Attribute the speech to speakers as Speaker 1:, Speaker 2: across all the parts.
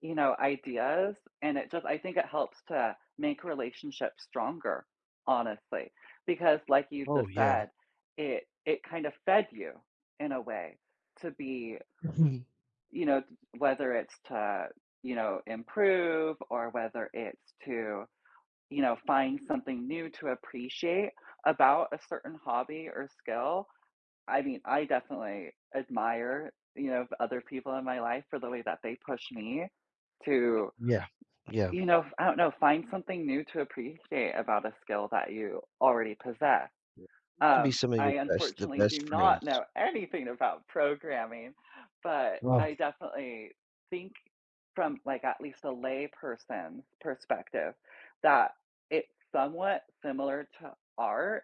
Speaker 1: You know, ideas and it just I think it helps to make relationships stronger, honestly. Because like you just
Speaker 2: Oh, yeah.
Speaker 1: said, it it kind of fed you in a way to be
Speaker 2: Mhm.
Speaker 1: you know, whether it's to, you know, improve or whether it's to, you know, find something new to appreciate about a certain hobby or skill. I mean, I definitely admire you know of other people in my life for the way that they push me to
Speaker 2: Yeah, yeah.
Speaker 1: you know, f I don't know, find something new to appreciate about a skill that you already possess;
Speaker 2: To be
Speaker 1: um,
Speaker 2: some of
Speaker 1: I
Speaker 2: your best the
Speaker 1: unfortunately
Speaker 2: best
Speaker 1: do not
Speaker 2: friends.
Speaker 1: know anything about programming, but
Speaker 2: Ah
Speaker 1: I definitely think from, like, at least a layperson perspective that it's somewhat similar to art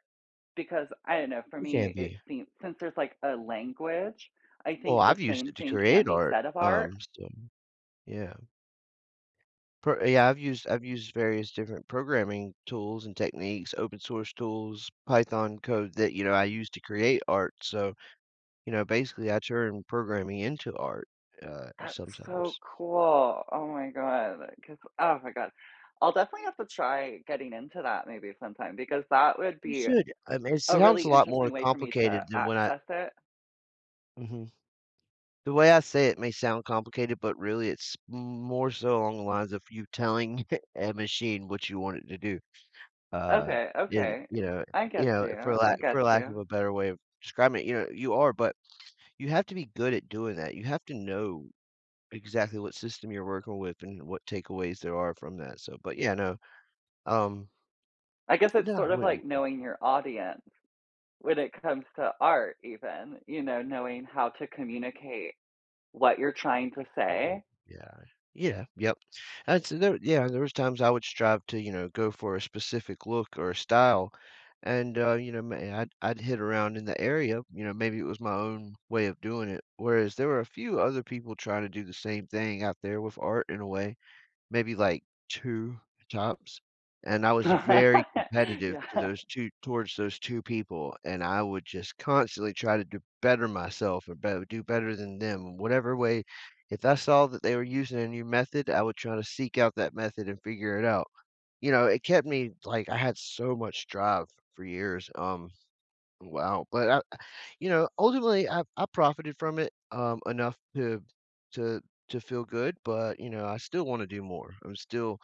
Speaker 1: because, I don't know, for
Speaker 2: It can
Speaker 1: me, it
Speaker 2: be.
Speaker 1: seem since there's, like, a language, I
Speaker 2: Well,
Speaker 1: think the
Speaker 2: I've used
Speaker 1: same
Speaker 2: it to
Speaker 1: thing can
Speaker 2: create
Speaker 1: be
Speaker 2: art,
Speaker 1: said of art.
Speaker 2: um, so, yeah. Per a I've used I've used various different programming tools and techniques, open source tools, Python code that, you know, I use to create art, so, you know, basically, I turn programming into art, uh,
Speaker 1: That's so
Speaker 2: sometimes.
Speaker 1: cool, oh my god, 'cause oh my god. I'll definitely have to try getting into that maybe sometime because that would
Speaker 2: You
Speaker 1: be
Speaker 2: should, I mean, it
Speaker 1: a
Speaker 2: sounds
Speaker 1: really
Speaker 2: a lot more
Speaker 1: interesting way for me to
Speaker 2: complicated than what I
Speaker 1: access it.
Speaker 2: Mhm, the way I say it may sound complicated, but, really, it's m m more so along the lines of you telling a machine what you want it to do, uh,
Speaker 1: Okay,
Speaker 2: and,
Speaker 1: okay,
Speaker 2: you know,
Speaker 1: I
Speaker 2: you
Speaker 1: get
Speaker 2: know,
Speaker 1: you,
Speaker 2: for
Speaker 1: I
Speaker 2: lack
Speaker 1: get
Speaker 2: for lack of
Speaker 1: you.
Speaker 2: a better way of describing it, you know, you are, but you have to be good at doing that, you have to know exactly what system you're working with and what takeaways there are from that, so, but yeah no, um
Speaker 1: I guess it's
Speaker 2: Yeah,
Speaker 1: sort of
Speaker 2: wait wa
Speaker 1: like knowing your audience when it comes to art even, you know, knowing how to communicate what you're trying to
Speaker 2: Oh
Speaker 1: say.
Speaker 2: yeah, yeah, yep, that's there yeah there was times I would strive to, you know, go for a specific look or a style, and, uh, you know, my I'd I'd hit around in the area, you know, maybe it was my own way of doing it. Whereas there were a few other people trying to do the same thing out there with art in a way, maybe, like, 2 times, and I was very competitive to
Speaker 1: Yeah.
Speaker 2: those 2 towards those 2 people, and I would just constantly try to do better myself or b do better than them. Whatever way if I saw that they were using a new method, I would try to seek out that method and figure it out, you know, it kept me like, I had so much drive for years, um, wow, but, ah you know, ultimately, I I profited from it, um, enough to to to feel good, but, you know, I still wanna do more. I'm still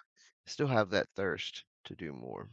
Speaker 2: still have that thirst to do more.